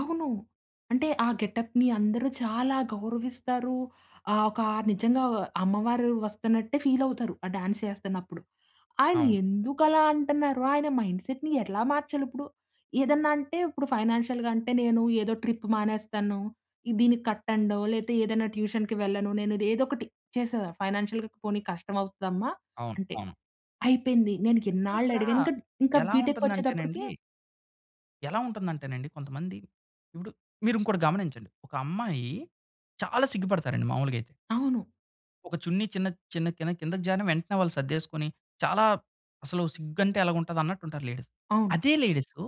అవును. అంటే ఆ గెటప్‌ని అందరూ చాలా గౌరవిస్తారు. ఆహ్, ఒక నిజంగా వ అమ్మవారు వస్తున్నట్టే ఫీలవుతారు. ఆ డాన్సేస్తన్నప్పుడు. ఆయన అవును. ఎందుకలా అంటన్నారు, ఆయన మైండ్‌సెట్‌ని ఎట్లా మార్చాలుప్పుడు? ఏదన్న అంటే ఇప్పుడు ఫైనాన్షియల్‌గంటే నేను ఏదో ట్రిప్పు మానేస్తాను. దీనికి కట్టండో లేతే ఏదన్నా ట్యూషన్‌కి వెళ్ళను. నేనుది ఏదోకటి చేసేద ఫైనాన్షియల్‌గా "పోనీ కష్టమవుతుదమ్మా" అవును. అంటే అవును. అయిపోయింది. నేను అంటే ఇక్కడా ఇన్నాళ్ళడిగాను. ఇంక డ్ ఇంకా ఎలా బీటెక్ వచ్చేతప్పటికి ఉంటుందంటేనండి... ఎలా ఉంటుందంటేనండి, కొంతమంది ఇప్పుడు మీరు ఇంకోటి గమనించండి. ఒకమ్మాయి చాలా సిగ్గుపడతారండి మామూలుగయితే. అవును. ఒక చున్నీ చిన్నది చిన్న కిందక్ కిందకి జరిన వెంటనే వాళ్ళు సర్దేసుకొని, చాలా అసలు సిగ్గంటే ఎలగుంటది అన్నట్టు ఉంటారు లేడీస్ అవును. అదే లేడీసు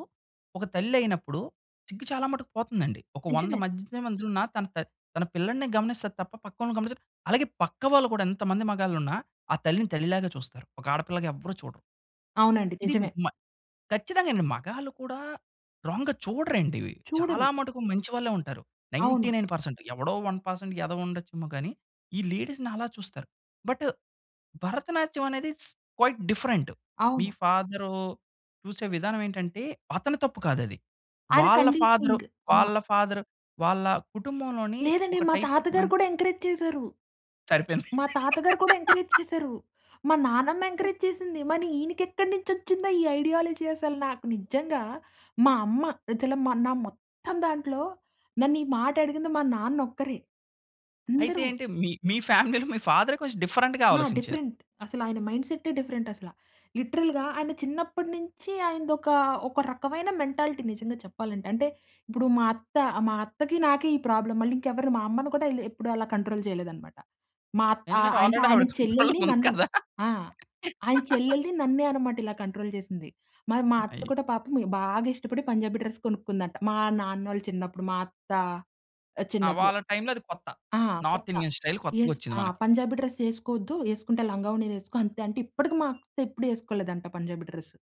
ఒక తల్లయినప్పుడు సిగ్గు చాలా మటుకు పోతుందండి. ఒక వంద నిజమే. మధ్యతే మధ్యలున్న తన త తన పిల్లడినే గమనిస్తది తప్ప, పక్కోలిని గమనించదు. అలాగే పక్క వాళ్ళు కూడా ఎంతమంది మగాళ్ళున్నా ఆ తల్లిని తల్లిలాగా చూస్తారు. ఒక ఆడపిల్లగా ఎవ్వరు చూడరు. అవునండి ఇది నిజమే. మ ఖచ్చితంగానండి. మగాళ్ళు కూడా రాంగ్‌గా చూడరండి ఇవి. చాలా చూడను. మటుకు మంచి వాళ్ళే ఉంటారు. నైన్టీ అవును. నైన్ పర్సెంట్ ఎవడో 1% ఎదవుండచ్చేమో గానీ ఈ లేడీస్‌ని అలా చూస్తారు. బటు భరతనాట్యవనేది స్ క్వైట్ డిఫరెంటు. మీ అవును. ఫాదరూ చూసే విధానమేంటంటే అతని తప్పు కాదది. ఆయన వాళ్ళ ఫాదరు, కండిషనింగ్ అయినా వాళ్ళ ఫాదర్ వాళ్ళ కుటుంబంలోని లేదండి. ఒక మా టైప్ తాత ఆఫ్ గారు మెంట్ కూడా ఎంకరేజ్ చేసారు. సరిపోయింది. మా తాతగారు కూడా ఎంకరేజ్ చేసారు. మా నానమ్మ ఎంకరేజ్ చేసింది. మని ఈయనకెక్కడి నుంచొచ్చిందో ఈ ఐడియాలజీ అసలు, నాకు నిజంగా మా అమ్మ అసల మా నా మొత్తం దాంట్లో నన్ను ఈ మాటడిగింది మా నాన్నొక్కరే. అయితే అందరూ ఏంటి? మీ, మీ ఫ్యామిలీలో మీ ఫాదరే కొంచెం డిఫరెంట్‌గా ఆ! ఆలోసించారు. డిఫరెంట్. అసలాయన మైండ్‌సెట్టే, డిఫరెంటసల లిటరల్‌గా ఆయన చిన్నప్పడి నించి ఆయనదొక, ఒక రకమైన మెంటాలిటీ నిజంగా చెప్పాలంటే, అంటే ఇప్పుడు మా అత్త, మా అత్తకి నాకే ఈ ప్రాబ్లమ్ మళ్ళీ ఇంకెవరిని మా అమ్మని కూడా ఇలా ఎప్పుడు అలా కంట్రోల్ చేయలేదనమాట. మా అత్ ఆహ్, ఎందుకంటే అంటే ఆల్రెడీ ఆయన ఆవిడ కంట్రోల్‌లో చెల్లెల్ని, ఉంది నన్ను. కదా! ఆ! ఆయన చెల్లెల్ని నన్నే అనమాట. ఇలా కంట్రోల్ చేసింది. మరి మా అత్త అయి కూడా పాపం బాగా ఇష్టపడి పంజాబీ డ్రెస్ కొనుకుందంట. మా నాన్నోళ్ళు చిన్నప్పుడు, మా అత్త ఆ! చిన్నప్పుడు. వాళ్ళ టైమ్‌లో అది కొత్త. ఆ! నార్త్ కొత్త ఇండియన్ స్టైల్ ఎస్ కొత్తగొచ్చింది మనకి. ఆహ్, "పంజాబీ డ్రెస్ యేసుకోవద్దు. యేసుకుంటే లంగావోణీ యేసుకో" అంతే, అంటే ఇప్పటికి మా అత్తెప్పుడు యేసుకోలేదంట, పంజాబీ డ్రెస్.